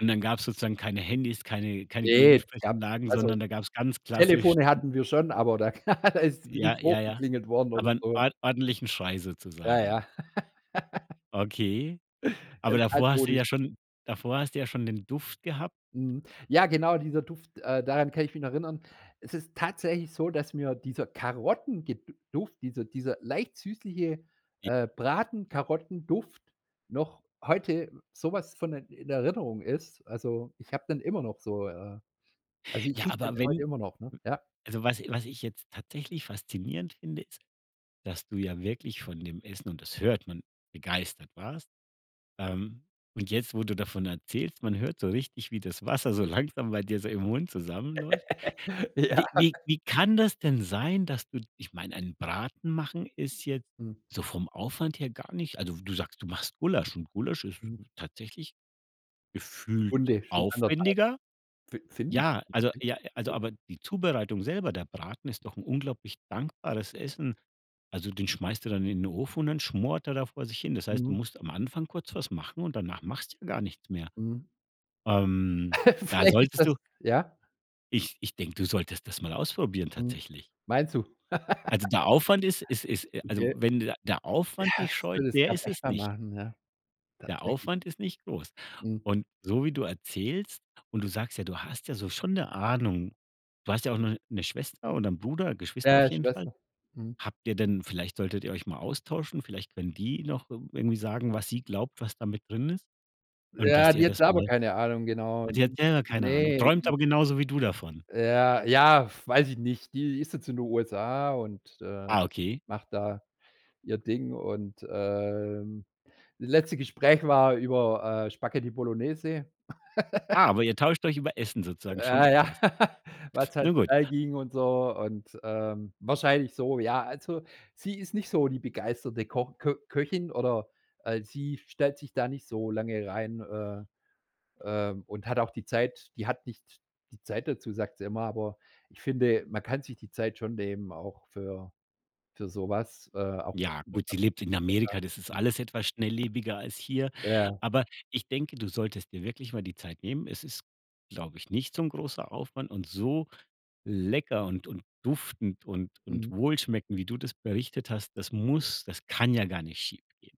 Und dann gab's sozusagen keine Handys, keine keine Ne, das gab's Gegensprechanlagen, also, sondern da gab's ganz klassisch Telefone n hatten wir schon, aber da, da ist Ja, nicht ja, ja, hochgeklingelt worden oder aber 'n so. ord ordentlichen Schrei Ja, sozusagen. ja. Okay. Aber Ganz davor hast du altmodisch. ja schon davor hast du ja schon den Duft gehabt. Mhm. Ja, genau, dieser Duft, äh, daran kann ich mich noch erinnern. Es ist tatsächlich so, dass mir dieser Karotten ge Duft, dieser dieser leicht süßliche, Je äh, Braten-Karotten-Duft noch heute so was von in Erinnerung ist. Also ich habe dann immer noch so äh, also ich Ja rieche den aber heute wenn immer noch, ne? w Ja. also, was was ich jetzt tatsächlich faszinierend finde ist, dass du ja wirklich von dem Essen, und das hört man, begeistert warst. Ähm. Und jetzt, wo du davon erzählst, man hört so richtig, wie das Wasser so langsam bei dir so im Mund zusammenläuft. Ja. Wie wie wie kann das denn sein, dass du ich meine, einen Braten machen ist jetzt Hm. so vom Aufwand her gar nicht also, du sagst, du machst Gulasch und Gulasch ist Hm. tatsächlich gefühlt Stunde, schon 1 1/2 aufwendiger. Fi Finn? Ja, also [unintelligible] ja, also okay. aber die Zubereitung selber, der Braten ist doch 'n unglaublich dankbares Essen. Also den schmeißt du dann in den Ofen und dann schmort er da vor sich hin. Das heißt, du Mhm. musst am Anfang kurz was machen und danach machst du ja gar nichts mehr. Mhm. Ähm. Da Vielleicht ist solltest du das Ja? Ich ich denke, du solltest das mal ausprobieren Mhm. tatsächlich. Meinst du? Also der Aufwand ist ist ist also, Okay. wenn der Ja, Aufwand dich es scheut, ist [unintelligible] der gab ist es echt mal nicht. machen, ja, Der tatsächlich. Aufwand ist nicht groß. Mhm. Und so wie du erzählst und du sagst ja, du hast ja so schon 'ne Ahnung. Du hast ja auch noch 'ne Schwester oder 'n Bruder Geschwister auf Ja, jeden Fall. Schwester. Mhm. Habt ihr denn vielleicht solltet ihr euch mal austauschen. Vielleicht können die noch irgendw irgendwie sagen, was sie glaubt, was da mit drin ist. Und Ja, dass ihr die hat das selber mal keine Ahnung, genau. Ach, die hat [unintelligible] selber keine Ahnung, Ne, träumt die aber genauso wie du davon? Ja, ja, weiß ich nicht, die ist jetzt in den USA und, äh, Ah, okay. macht da ihr Ding und, ähm, das letzte Gespräch war über, äh, Spaghetti Bolognese. Ah, aber ihr tauscht euch über Essen sozusagen schon Äh, ja, aus. was halt Nun gut. schnell ging und so und ähm, wahrscheinlich so, ja. Also sie ist nicht so die begeisterte Ko Kö Köchin oder al sie stellt sich da nicht so lange rein, äh, äh, und hat auch die Zeit die hat nicht die Zeit dazu, sagt sie immer, aber ich finde, man kann sich die Zeit schon nehmen auch für für sowas. Äh, auch was Ja ich gehört gut, habe sie lebt in [unintelligible] USA. Amerika, das ist Hm. alles etwas schnelllebiger als hier. Ja. Aber ich denke, du solltest dir wirklich mal die Zeit nehmen. Es ist, glaube ich, nicht so 'n großer Aufwand und so lecker und und duftend und und Mhm. wohlschmeckend, wie du das berichtet hast, das muss das kann ja gar nicht schiefgehen.